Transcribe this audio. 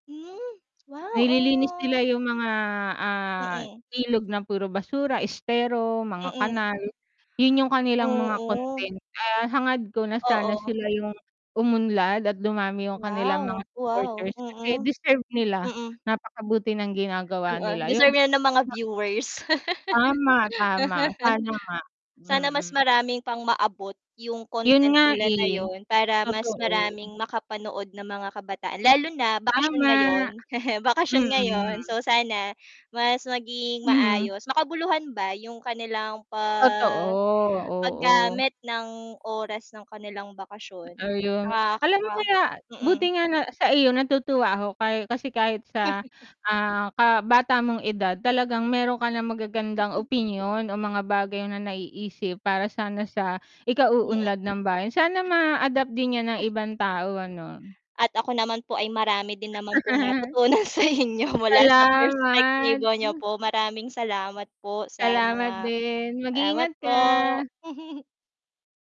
Hmm. Wow, Nililinis nila oh 'yong mga, ah, Mm. ilog na puro basura, estero, mga Mm. kanal. 'Yon 'yong kanilang mga Oo. content. Ah, hangad ko na sana Oo. sila 'yong umunlad at dumami 'yong kanilang mga Wow, wow, supporters, kasi mm. deserve nila. Mm. Napakabuti ng ginagawa Oo, nila 'yong deserve 'yan ng mga ima viewers. Tama, tama, sana nga. Sana mas Mm. maraming pang maabot 'yong 'Yon content nga, nila na eh. 'yon para mas Totoo. maraming makapanood na mga kabataan lalo na bakasyon Tama. ngayon. Bakasyon ngayon, Mm. so, sana mas maging Mm. maayos, makabuluhan ba 'yong kanilang pa Totoo, oo. paggamit ng oras ng kanilang Ba bakasyon. ayun. Ah, Alam mo ka kaya mm. buti nga na sa iyo natutuwa ako kahi kasi kahit sa, ah, kabata mong edad talagang mayro'n ka nang magagandang opinyon o mga bagay na naiisip para sana sa Mm. ikauunlad ng bayan. Sana ma-adapt din 'yan ng ibang tao, ano. At ako naman po ay marami din naman pong natutunan sa inyo mula sa Salamat. perspektibo niyo po. Maraming salamat po sa Salamat mga din, salamat mag-iingat po. ka.